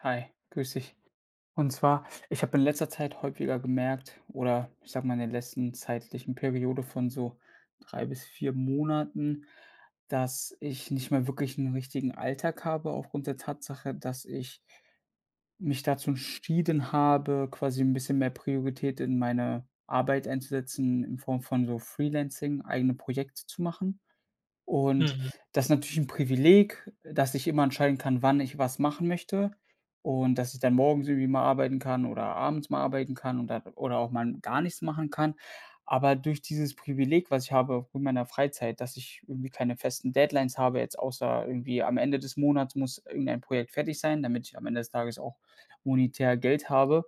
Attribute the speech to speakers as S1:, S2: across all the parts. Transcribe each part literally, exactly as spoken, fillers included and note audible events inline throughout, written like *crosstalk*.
S1: Hi, grüß dich. Und zwar, ich habe in letzter Zeit häufiger gemerkt oder ich sage mal, in den letzten zeitlichen Periode von so drei bis vier Monaten, dass ich nicht mehr wirklich 'n richtigen Alltag habe aufgrund der Tatsache, dass ich mich dazu entschieden habe, quasi 'n bisschen mehr Priorität in meine Arbeit einzusetzen, in Form von so freelancing, eigene Projekte zu machen. Und
S2: Mhm.
S1: das ist natürlich 'n Privileg, äh, dass ich immer entscheiden kann, wann ich was machen möchte und, dass ich dann morgens irgendwie mal arbeiten kann oder abends mal arbeiten kann und da oder auch mal n gar nichts machen kann. Aber durch dieses Privileg, was ich habe mit meiner Freizeit, dass ich irgendwie keine festen Deadlines habe, jetzt außer irgendwie am Ende des Monats muss irgendein Projekt fertig sein, damit ich am Ende des Tages auch monetär Geld habe,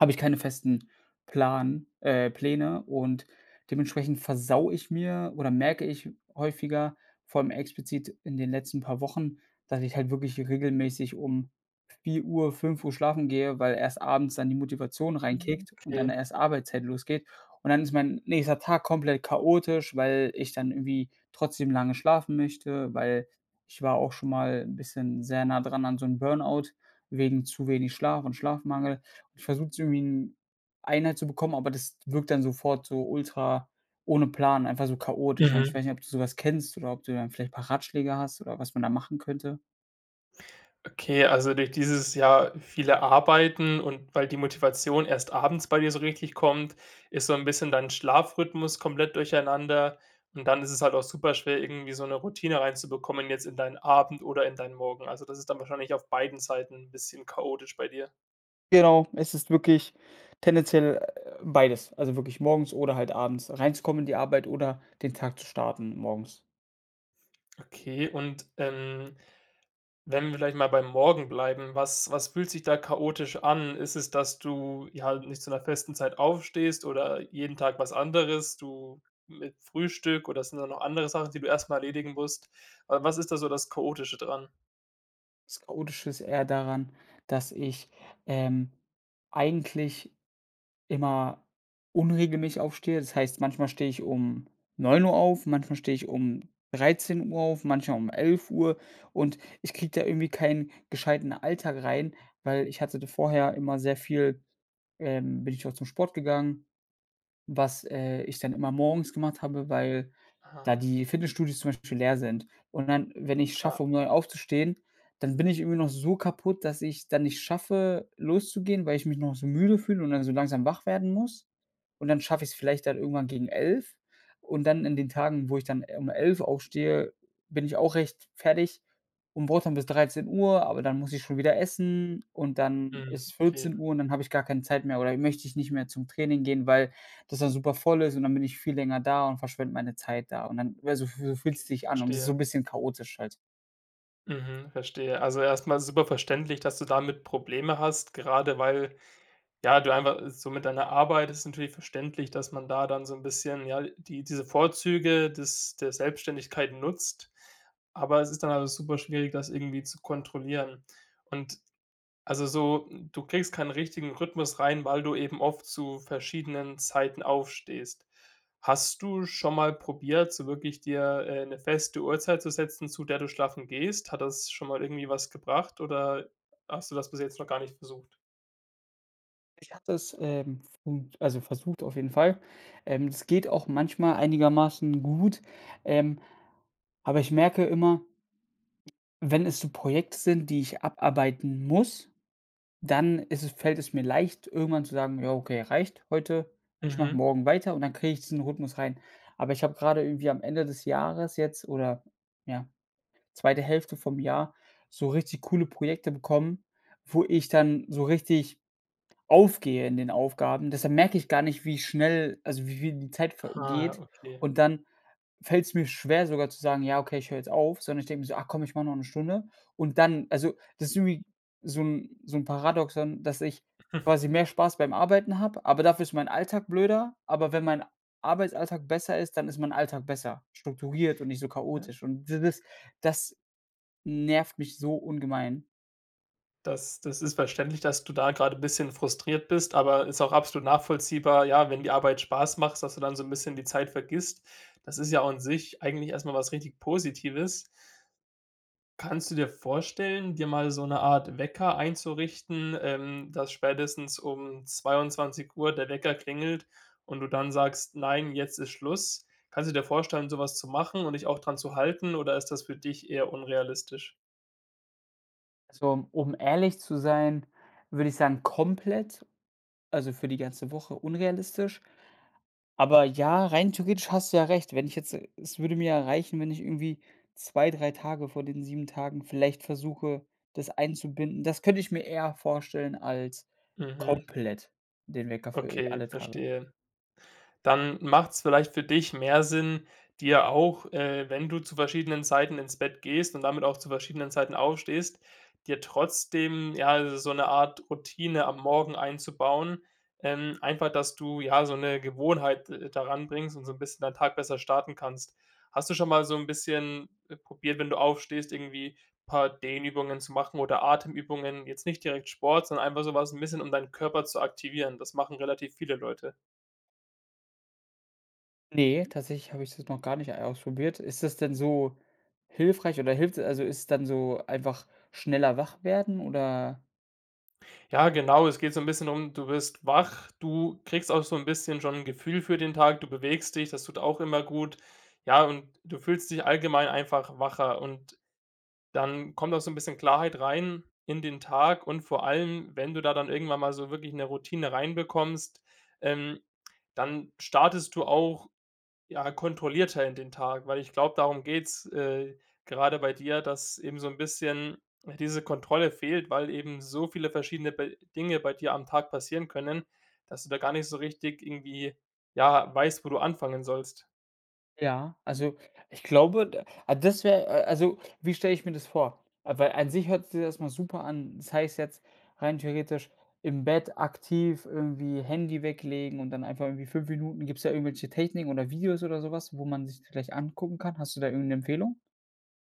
S1: habe ich keine festen Plan äh, Pläne und dementsprechend versaue ich mir oder merke ich häufiger, vor allem explizit in den letzten paar Wochen, dass ich halt wirklich regelmäßig um vier Uhr, fünf Uhr schlafen gehe, weil erst abends dann die Motivation
S2: Mhm,
S1: reinkickt und dann
S2: okay.
S1: erst Arbeitszeit losgeht. Und dann ist mein nächster Tag komplett chaotisch, weil ich dann irgendwie trotzdem lange schlafen möchte, weil ich war auch schon mal 'n bisschen sehr nah dran an so 'n Burn out, wegen zu wenig Schlaf und Schlafmangel. Ich versuche es irgendwie in Einheit zu bekommen, aber das wirkt dann sofort so ultra ohne Plan, einfach so chaotisch. Und ich
S2: Mhm.
S1: weiß nicht, ob du so was kennst oder ob du dann vielleicht 'n paar Ratschläge hast oder was man da machen könnte.
S2: Okay, also durch dieses, ja, viele Arbeiten und weil die Motivation erst abends bei dir so richtig kommt, ist so 'n bisschen dein Schlafrhythmus komplett durcheinander und dann ist es halt auch super schwer, irgendwie so 'ne Routine reinzubekommen jetzt in deinen Abend oder in deinen Morgen. Also, das ist dann wahrscheinlich auf beiden Seiten 'n bisschen chaotisch bei dir?
S1: Genau, es ist wirklich tendenziell, äh, beides. Also wirklich morgens oder halt abends reinzukommen in die Arbeit oder den Tag zu starten morgens.
S2: Okay, und, ähm, wenn wir vielleicht mal beim Morgen bleiben, was was fühlt sich da chaotisch an? Ist es, dass du ja halt nicht zu 'ner festen Zeit aufstehst oder jeden Tag was anderes du mit Frühstück oder sind da noch andere Sachen, die du erst mal erledigen musst? Wa was ist da so das Chaotische dran?
S1: Das Chaotische ist eher daran, dass ich, ähm, eigentlich immer unregelmäßig aufstehe. Das heißt, manchmal stehe ich um neun Uhr auf, manchmal stehe ich um dreizehn Uhr auf, manchmal um elf Uhr und ich kriege da irgendwie keinen gescheiten Alltag rein, weil ich hatte da vorher immer sehr viel, ähm bin ich auch zum Sport gegangen, was, äh, ich dann immer morgens gemacht habe, weil da
S2: Ah.
S1: die Fitnessstudios zum Beispiel leer sind. Und dann, wenn ich es
S2: Ah.
S1: schaffe, um neun aufzustehen, dann bin ich irgendwie noch so kaputt, dass ich es dann nicht schaffe, loszugehen, weil ich mich noch so müde fühle und dann so langsam wach werden muss. Und dann schaffe ich es vielleicht dann irgendwann gegen elf und dann in den Tagen, wo ich dann, äh, um elf aufstehe, bin ich auch recht fertig. Und brauche dann bis dreizehn Uhr, aber dann muss ich schon wieder essen und dann
S2: Hm.
S1: ist es
S2: Okay.
S1: vierzehn Uhr und dann habe ich gar keine Zeit mehr oder möchte ich nicht mehr zum Training gehen, weil das dann super voll ist und dann bin ich viel länger da und verschwende meine Zeit da. Und dann wär so so fü fühlt
S2: Okay,
S1: es sich an und das ist so
S2: verstehe.
S1: 'n bisschen chaotisch halt.
S2: Mhm, verstehe. Also erst mal super verständlich, dass du damit Probleme hast, gerade weil, ja du einfach so mit deiner Arbeit ist natürlich verständlich, dass man da dann so 'n bisschen, ja, l die diese Vorzüge des der Selbstständigkeit nutzt, aber es ist dann alles super schwierig, das irgendwie zu kontrollieren. Und also so, du kriegst keinen richtigen Rhythmus rein, weil du eben oft zu verschiedenen Zeiten aufstehst. Hast du schon mal probiert, so wirklich dir, äh, 'ne feste Uhrzeit zu setzen, zu der du schlafen gehst? Hat das schon mal irgendwie was gebracht oder hast du das bis jetzt noch gar nicht versucht?
S1: Ich habe das, ähm, f und also, versucht auf jeden Fall. Ähm, es geht auch manchmal einigermaßen gut, ähm, aber ich merke immer wenn es so Projekte sind, die ich abarbeiten muss, dann ist es fällt es mir leicht, irgendwann zu sagen: „Ja, okay, reicht heute, ich mache
S2: Mhm.
S1: morgen weiter“, und dann kriege ich diesen Rhythmus rein. Aber ich habe gerade irgendwie am Ende des Jahres jetzt oder, ja, zweite Hälfte vom Jahr, so richtig coole Projekte bekommen, wo ich dann so richtig aufgehe in den Aufgaben. Deshalb merke ich gar nicht, wie schnell, also wie wie die Zeit
S2: Ha,
S1: vergeht,
S2: okay.
S1: und dann fällt's mir schwer, sogar zu sagen: „Ja, okay, ich hör jetzt auf“, sondern ich denk mir so: „Ach komm, ich mache noch 'ne Stunde“. Und dann also, das ist irgendwie so 'n so 'n Paradoxon, dass ich
S2: *chuckles*
S1: quasi mehr Spaß beim Arbeiten habe, aber dafür ist mein Alltag blöder. Aber wenn mein Arbeitsalltag besser ist, dann ist mein Alltag besser. Strukturiert und nicht so
S2: Ja.
S1: chaotisch. Und d das das nervt mich so ungemein.
S2: Das das ist verständlich, dass du da grade bisschen frustriert bist, aber ist auch absolut nachvollziehbar, ja, wenn die Arbeit Spaß macht, sodass du dann so 'n bisschen die Zeit vergisst. Das ist ja auch an sich eigentlich erst mal was richtig Positives. Kannst du dir vorstellen, dir mal so 'ne Art Wecker einzurichten, ähm, dass spätestens um zweiundzwanzig Uhr der Wecker klingelt und du dann sagst: „Nein, jetzt ist Schluss“? Kannst du dir vorstellen, so was zu machen und dich auch dran zu halten, oder ist das für dich eher unrealistisch?
S1: Also, um ehrlich zu sein, würde ich sagen komplett also für die ganze Woche unrealistisch, aber ja, rein theoretisch hast du ja recht, wenn ich jetzt es würde mir ja reichen, wenn ich irgendwie zwei, drei Tage von den sieben Tagen vielleicht versuche, das einzubinden. Das könnte ich mir eher vorstellen als
S2: Mhm.
S1: komplett den Wecker für, äh,
S2: Okay,
S1: alle Tage.
S2: verstehe. Dann macht's vielleicht für dich mehr Sinn, dir auch äh, wenn du zu verschiedenen Zeiten ins Bett gehst und damit auch zu verschiedenen Zeiten aufstehst, dir trotzdem, ja, so 'ne Art Routine am Morgen einzubauen. Ähm, einfach, dass du, ja, so 'ne Gewohnheit, äh, daran bringst und so 'n bisschen dein Tag besser starten kannst. Hast du schon mal so 'n bisschen, äh, probiert, wenn du aufstehst, irgendwie paar Dehnübungen zu machen oder Atemübungen, jetzt nicht direkt Sport, sondern einfach so was 'n bisschen, um deinen Körper zu aktivieren? Das machen relativ viele Leute.
S1: Ne, tatsächlich habe ich das noch gar nicht, äh, ausprobiert. Ist das denn so hilfreich oder hilft also, ist dann so einfach schneller wach werden, oder?
S2: Ja, genau, es geht so 'n bisschen um du wirst wach, du kriegst auch so 'n bisschen schon 'n Gefühl für den Tag, du bewegst dich, das tut auch immer gut, ja, und du fühlst dich allgemein einfach wacher und dann kommt auch so 'n bisschen Klarheit rein in den Tag und vor allem, wenn du da dann irgendwann mal so wirklich 'ne Routine rein bekommst, ähm, dann startest du auch, ja, kontrollierter in den Tag, weil ich glaube, darum geht's, äh, gerade bei dir, dass eben so 'n bisschen, äh, diese Kontrolle fehlt, weil eben so viele verschiedene be Dinge bei dir am Tag passieren können, dass du da gar nicht so richtig irgendwie, ja, weißt, wo du anfangen sollst.
S1: Ja, also ich glaube, d das wäre äh, also wie stelle ich mir das vor? Weil an sich hört sich das erst mal super an das heißt jetzt rein theoretisch im Bett aktiv irgendwie Handy weglegen und dann einfach irgendwie fünf Minuten gibt's da irgendwelche Techniken oder Videos oder sowas, wo man sich vielleicht angucken kann? Hast du da irgend 'ne Empfehlung?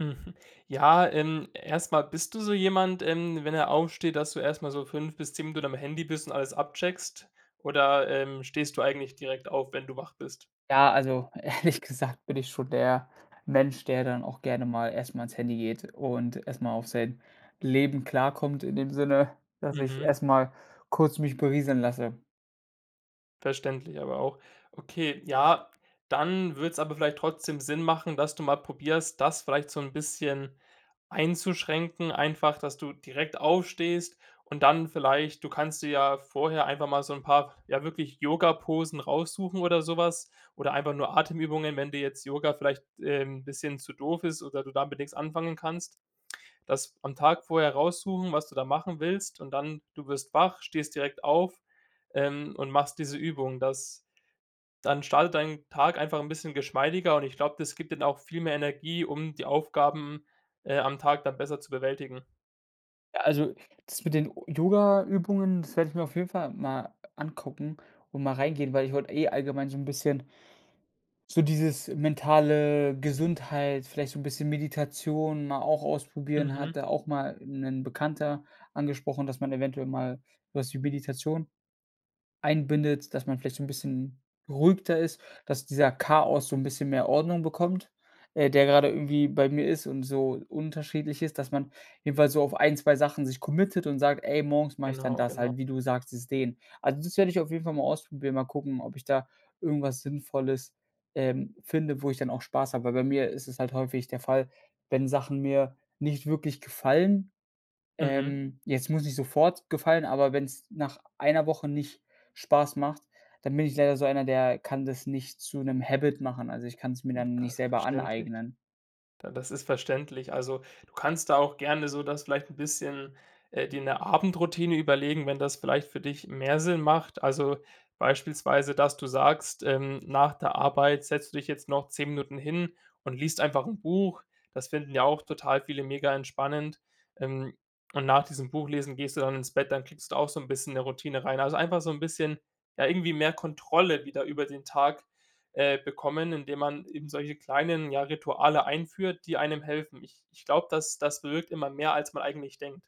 S2: Mhm. Ja, ähm, erst mal, bist du so jemand, ähm, wenn er aufsteht, dass du erst mal so fünf bis zehn Minuten am Handy bist und alles abcheckst oder, ähm, stehst du eigentlich direkt auf, wenn du wach bist?
S1: Ja, also ehrlich gesagt bin ich schon der Mensch, der dann auch gerne mal erst mal ans Handy geht und erst mal auf sein Leben klarkommt, in dem Sinne, dass ich
S2: Mhm.
S1: erst mal kurz mich berieseln lasse.
S2: Verständlich, aber auch, okay, ja, dann würd's aber vielleicht trotzdem Sinn machen, dass du mal probierst, das vielleicht so 'n bisschen einzuschränken, einfach, dass du direkt aufstehst und dann vielleicht du kannst dir ja vorher einfach mal so 'n paar, ja, wirklich Yoga-Posen raussuchen oder sowas oder einfach nur Atemübungen, wenn dir jetzt Yoga vielleicht, ähm, 'n bisschen zu doof ist oder du da mit nix anfangen kannst. Das am Tag vorher raussuchen, was du da machen willst, und dann, du wirst wach, stehst direkt auf, ähm, und machst diese Übung. Das dann startet dein Tag einfach 'n bisschen geschmeidiger und ich glaube, das gibt dann auch viel mehr Energie, um die Aufgaben, äh, am Tag da besser zu bewältigen.
S1: Ja, also das mit den Yogaübungen, das werde ich mir auf jeden Fall mal angucken und mal reingehen, weil ich wollte eh allgemein so 'n bisschen so dieses mentale Gesundheit, vielleicht so 'n bisschen Meditation mal auch ausprobieren.
S2: Mhm.
S1: Hatte, auch mal 'nen Bekannter angesprochen, dass man eventuell mal was wie Meditation einbindet, dass man vielleicht so 'n bisschen beruhigter ist, dass dieser Chaos so 'n bisschen mehr Ordnung bekommt, äh, der gerade irgendwie bei mir ist und so unterschiedlich ist. Dass man jedenfalls so auf ein, zwei Sachen sich committed und sagt: „Ey, morgens mache ich dann
S2: Genau,
S1: das
S2: genau.
S1: halt,“ wie du sagt, dieses Dehnen. Also, das werde ich auf jeden Fall mal ausprobieren, mal gucken, ob ich da irgendwas Sinnvolles, ähm, finde, wo ich dann auch Spaß habe. Weil bei mir ist es halt häufig der Fall, wenn Sachen mir nicht wirklich gefallen,
S2: Mhm.
S1: ähm, jetzt muss nicht sofort gefallen, aber wenn's nach einer Woche nicht Spaß macht, dann bin ich leider so einer, der kann das nicht zu 'nem habit machen. Also, ich kann's mir dann nicht
S2: *unintelligible*
S1: selber
S2: Verständlich.
S1: aneignen.
S2: Da das ist verständlich. Also, du kannst da auch gerne so das vielleicht 'n bisschen äh dir 'ne Abendroutine überlegen, wenn das vielleicht für dich mehr Sinn macht, also beispielsweise, dass du sagst, ähm, nach der Arbeit setzt du dich jetzt noch zehn Minuten hin und liest einfach 'n Buch, das finden ja auch total viele mega entspannend, ähm, und nach diesem Buchlesen gehst du dann ins Bett, dann kriegst du auch so 'n bisschen 'ne Routine rein. Also, einfach so 'n bisschen, ja, irgendwie mehr Kontrolle wieder über den Tag, äh, bekommen, indem man eben solche kleinen, ja, Rituale einführt, die einem helfen. Ich ich glaube, das das bewirkt immer mehr, als man eigentlich denkt.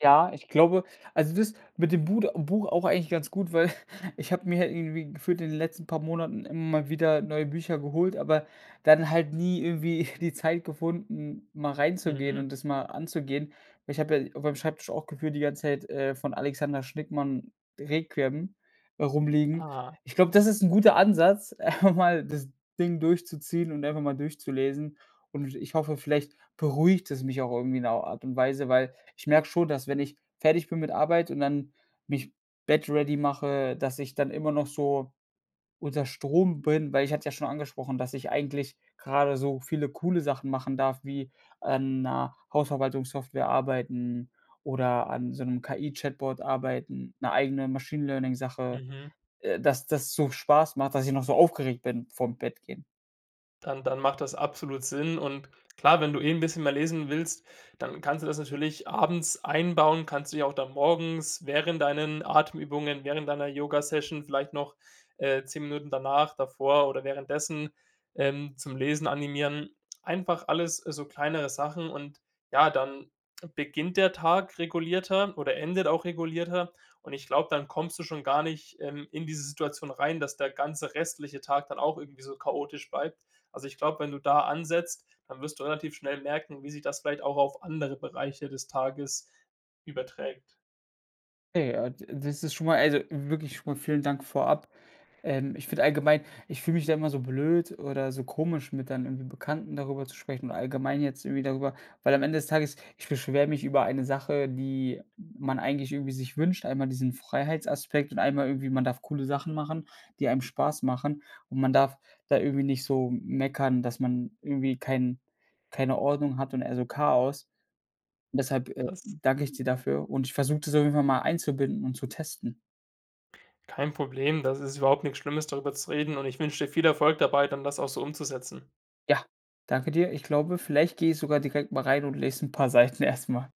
S1: Ja, ich glaube, also das mit dem Bud Buch auch eigentlich ganz gut, weil *chuckles* ich habe mir irgendwie gefühlt in den letzten paar Monaten immer mal wieder neue Bücher geholt, aber dann halt nie irgendwie *chuckles* die Zeit gefunden, mal reinzugehen
S2: Mhm.
S1: und das mal anzugehen. Ich habe ja auf meinem Schreibtisch auch gefühlt die ganze Zeit, äh, von Alexander Schnickmann: Requiem, rumliegen.
S2: Ah,
S1: Ich glaube,
S2: cool.
S1: das ist 'n guter Ansatz, einfach mal das Ding durchzuziehen und einfach mal durchzulesen und w ich hoffe, vielleicht beruhigt es mich auch irgendwie in 'ner Art und Weise, weil ich merke schon, dass wenn ich fertig bin mit Arbeit und dann mich Bett ready mache, dass ich dann immer noch so unter Strom bin, weil ich hatte ja schon angesprochen, dass ich eigentlich grade so viele coole Sachen machen darf wie an 'ner Hausverwaltungssoftware arbeiten oder an so 'nem KI-Chatbot arbeiten, 'ne eigene Machine Learning Sache,
S2: Mhm.
S1: äh, dass das so Spaß macht, dass ich noch so aufgeregt bin vorm Bett gehen.
S2: Dann dann macht das absolut Sinn und klar, wenn du eh 'n bisschen mehr lesen willst, dann kannst du das natürlich abends einbauen, kannst du ja auch dann morgens während deinen Atemübungen, während deiner Yogasession vielleicht noch, äh, zehn Minuten danach, davor oder währenddessen, ähm, zum Lesen animieren. Einfach alles so, kleinere Sachen, und ja, dann beginnt der Tag regulierter oder endet auch regulierter, und ich glaube, dann kommst du schon gar nicht, ähm, in diese Situation rein, dass der ganze restliche Tag dann auch irgendwie so chaotisch bleibt. Also, ich glaube, wenn du da ansetzt, dann wirst du relativ schnell merken, wie sich das vielleicht auch auf andere Bereiche des Tages überträgt.
S1: Okay. Ah, d das ist schon mal, also wirklich schon mal vielen Dank vorab. Ähm, ich finde allgemein, ich fühle mich da immer so blöd oder so komisch, mit dann irgendwie Bekannten darüber zu sprechen und allgemein jetzt irgendwie darüber, weil am Ende des Tages ich beschwere mich über eine Sache, die man eigentlich irgendwie sich wünscht, einmal diesen Freiheitsaspekt und einmal irgendwie, man darf coole Sachen machen, die einem Spaß machen und man darf da irgendwie nicht so m meckern, dass man irgendwie kein keine Ordnung hat und eher so Chaos. Und deshalb, äh,
S2: Das
S1: danke ich dir dafür und ich versuche das auf jeden Fall mal einzubinden und zu testen.
S2: Kein Problem, das ist überhaupt nix Schlimmes, darüber zu reden, und ich wünsche dir viel Erfolg dabei, dann das auch so umzusetzen.
S1: Ja, danke dir. Ich glaube, vielleicht gehe ich sogar direkt mal rein und lese 'n paar Seiten erst mal.